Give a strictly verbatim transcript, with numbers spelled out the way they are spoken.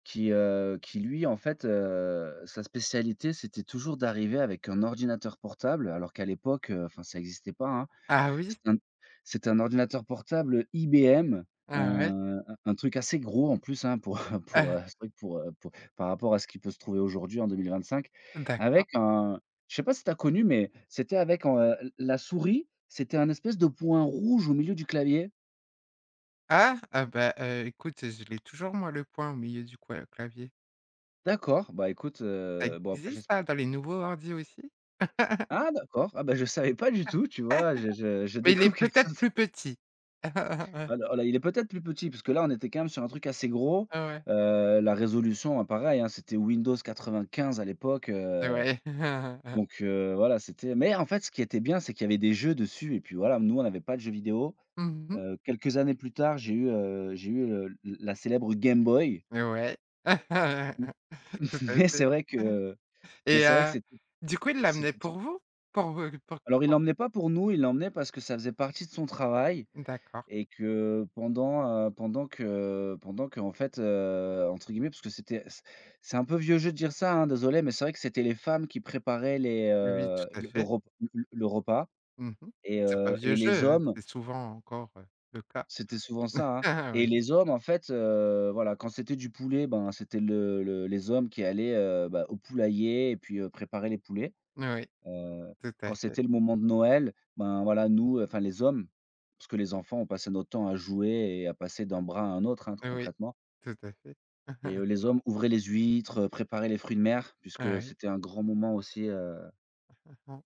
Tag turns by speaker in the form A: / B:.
A: Qui, heu, qui lui, en fait, heu, sa spécialité c'était toujours d'arriver avec un ordinateur portable alors qu'à l'époque, heu, enfin, ça existait pas, hein.
B: Ah oui?
A: C'était un c'était un ordinateur portable IBM, heu,
B: Ah ouais.
A: un un truc assez gros en plus hein, pour, heu pour
B: Heu
A: heu, un truc pour, heu pour par rapport à ce qui peut se trouver aujourd'hui en deux mille vingt-cinq.
B: D'accord.
A: Avec un je sais pas si tu as connu mais, c'était avec, heu, l la souris, c'était un espèce de point rouge au milieu du clavier.
B: Ah? Ah bah, heu, écoute, je l'ai toujours moi le point au milieu du coua du clavier.
A: D'accord, bah, écoute
B: Ça
A: heu, bon après
B: existe
A: j'esp
B: hein, dans les nouveaux ordi aussi.
A: Ah d'accord, ah bah je savais pas du tout, tu vois, je je je
B: Mais il
A: découvre
B: est
A: quelque
B: peut-être
A: chose.
B: plus petit.
A: Alors là, il est peut-être plus petit, parce que là, on était quand même sur un truc assez gros.
B: Ouais ouais.
A: Heu, la résolution hein, pareil, hein, c'était Windows quatre-vingt-quinze à l'époque, heu
B: Ouais.
A: donc, heu, voilà, c'était mais en fait, ce qui était bien, c'est qu'il y avait des jeux dessus, et puis voilà. Nous, on n'avait pas de jeux vidéo.
B: Mmh mh.
A: Heu, quelques années plus tard, j'ai eu heu, j'ai eu le la la célèbre Game Boy
B: Mais ouais.
A: Mmh.
B: Tout à
A: Mais
B: fait.
A: c'est vrai que mais
B: Et
A: c'est vrai que
B: heu,
A: c'ést
B: du coup, il l'a amené
A: c'était tout
B: pour vous? Pour vous, pour
A: Alors, il
B: pour
A: l'emmenait pas pour nous, il l'emmenait parce que ça faisait partie de son travail
B: D'accord.
A: et que pendant, heu, pendant que pendant qu'en fait, heu, entre guillemets, puisque c'était c'est c'est un peu vieux jeu de dire ça hein, désolé, mais c'est vrai que c'était les femmes qui préparaient les,
B: Oui,
A: heu,
B: tout à
A: le
B: fait.
A: re le le repas
B: Mmh mh.
A: et
B: C'est pas
A: heu
B: vieux
A: et les
B: jeu, hein,
A: hommes
B: c'est souvent encore, heu, le cas.
A: c'était souvent ça hein? Et
B: Oui.
A: les hommes, en fait, heu, voilà, quand c'était du poulet, bah c'était le le les hommes qui allaient, heu, bah, au poulailler et puis, heu, préparer les poulets.
B: N oui,
A: Heu,
B: tout à
A: quand
B: fait.
A: c'était le moment de Noël, ben voilà, nous, enfin les hommes parce que les enfants, on passait notre temps à jouer et à passer d'un bras à un autre hein,
B: Oui,
A: concrètement
B: tout à fait.
A: et heu, les hommes ouvraient les huîtres, heu, préparaient les fruits de mer puisque
B: Oui.
A: c'était un grand moment aussi, heu